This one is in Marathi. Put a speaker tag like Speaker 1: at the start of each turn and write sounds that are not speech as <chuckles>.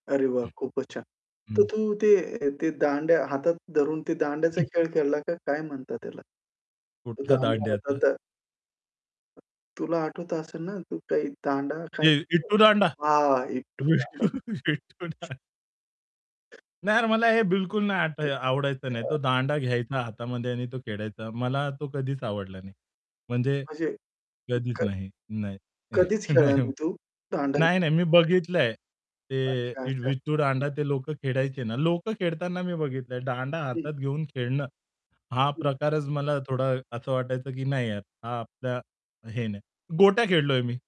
Speaker 1: अरे वाह!
Speaker 2: हं.
Speaker 1: खूपच छान. तर
Speaker 2: हं.
Speaker 1: तू ते ते दांड्या हातात धरून ते दांड्याचा
Speaker 2: हं.
Speaker 1: खेळ खेळला का, काय म्हणतात त्याला? तो
Speaker 2: कुठला
Speaker 1: दांडा हातात
Speaker 2: दांड्याचा?
Speaker 1: धर तुला आठवत असेल ना तू काही दांडा काय
Speaker 2: ते
Speaker 1: <unintelligible>
Speaker 2: इटू दांडा?
Speaker 1: हां, विट्टू
Speaker 2: विटू
Speaker 1: दांडा. हं.
Speaker 2: <chuckles> विट्टू दांडा. नाही यार, मला हे बिलकुल नाही आठ आवडायचं नाही. तो
Speaker 1: <unintelligible>
Speaker 2: दांडा घ्यायचा हातामध्ये आणि तो खेळायचा. मला तो कधीच आवडला नाही. म्हणजे
Speaker 1: म्हणजे,
Speaker 2: कधीच
Speaker 1: क
Speaker 2: नाही. नाही. <chuckles>
Speaker 1: कधीच
Speaker 2: नाही.
Speaker 1: खेळला
Speaker 2: नाही
Speaker 1: नाही तू? दांडा
Speaker 2: नाही,
Speaker 1: घेऊन?
Speaker 2: नाही मी बघितलंय, ते
Speaker 1: अच्छा-अच्छा.
Speaker 2: विट्टू दांडा ते लोक खेळायचे ना. लोक खेळताना मी बघितलंआहे. दांडा
Speaker 1: हं.
Speaker 2: हातात घेऊन खेळणं, हा
Speaker 1: हं.
Speaker 2: प्रकारच मला थोडा असं वाटायचं, की "नाही यार, हा आपल्या हे नाही." गोट्या खेळलोय मी.